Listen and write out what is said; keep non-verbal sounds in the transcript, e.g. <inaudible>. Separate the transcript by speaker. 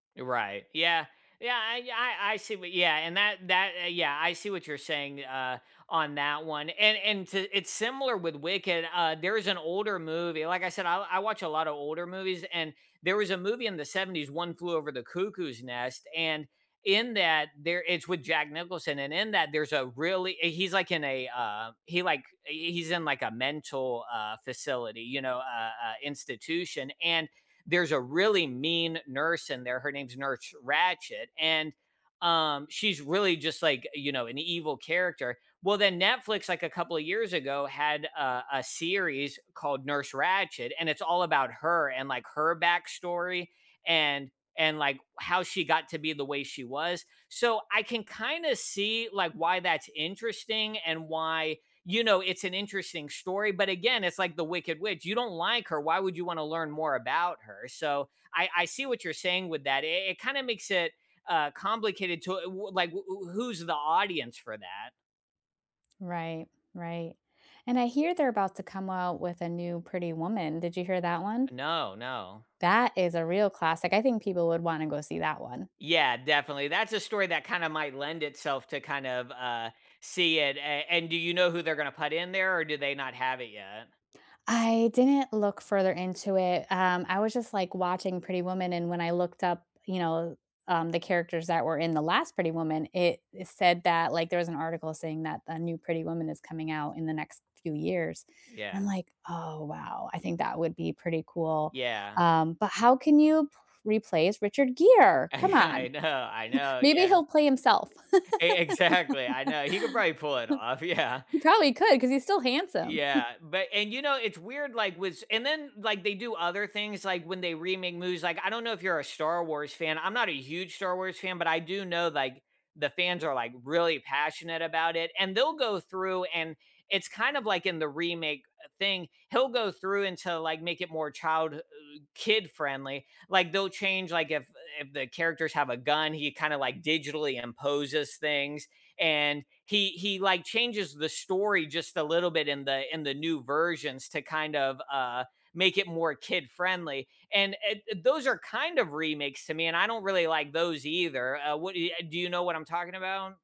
Speaker 1: Eh, right. Yeah. Yeah, I ye I I see what yeah, and that that, uh yeah, I see what you're saying, uh, on that one. And and to it's similar with Wicked. Uh there is an older movie like I said I I watch a lot of older movies and there was a movie in the 70s, One Flew Over the Cuckoo's Nest, and in that, there it's with Jack Nicholson and in that, there's a really eh, he's like in a, uh, he like, eh, he's in like a mental, uh, facility, you know, uh uh, institution and there's a really mean nurse in there, her name's Nurse Ratchet, and, um, she's really just like, you know, an evil character. Well, then Netflix, like a couple of years ago, had a a series called Nurse Ratchet, and it's all about her and like her backstory and and like how she got to be the way she was. So, I can kinda see like why that's interesting and why, you know, it's an interesting story, but again, it's like the wicked witch. You don't like her, why would you want to learn more about her? So, I I see what you're saying with that. I it kinda makes it, uh, complicated to w w like w w w who's the audience for that?
Speaker 2: Right, right. And I hear they're about to come out with a new Pretty Woman. Did you hear that one?
Speaker 1: No, no.
Speaker 2: That is a real classic. I think people would wanna go see that one.
Speaker 1: Yeah, definitely. That's a story that kinda might lend itself to kind of, uh, see it. A and do you know who they're gonna put in there or do they not have it yet?
Speaker 2: I didn't look further into it. Um, I was just like watching Pretty Woman, and when I looked up, you know, um, the characters that were in the last Pretty Woman, it eh it said that, like, there was an article saying that a new Pretty Woman is coming out in the next few years. And I'm
Speaker 1: Yeah.
Speaker 2: like, "Oh wow, I think that would be pretty cool,"
Speaker 1: Yeah.
Speaker 2: um, but how can you p replace Richard Gere? Come
Speaker 1: I
Speaker 2: on.
Speaker 1: know, I
Speaker 2: <chuckles>
Speaker 1: know,
Speaker 2: Maybe
Speaker 1: yeah.
Speaker 2: he'll play himself.
Speaker 1: E exactly, I know. He could probably pull it off,
Speaker 2: <laughs>
Speaker 1: yeah.
Speaker 2: He probably could 'cause he's still handsome.
Speaker 1: Yeah,
Speaker 2: <chuckles>
Speaker 1: but and, you know, it's weird like with s and then like they do other things like when they remake movies, like, I don't know if you're a Star Wars fan. I'm not a huge Star Wars fan, but I do know like the fans are like really passionate about it, and they'll go through and it's kind of like in the remake, uh, thing, he'll go through and to like make it more child h ug kid-friendly. Like they'll change, like if if the characters have a gun, he kinda like digitally imposes things, and he he like changes the story just a little bit in the in the new versions to kind of, uh, make it more kid-friendly, and eh those are kind of remakes to me, and I don't really like those either. Uh, what eh ya do you know what I'm talking about?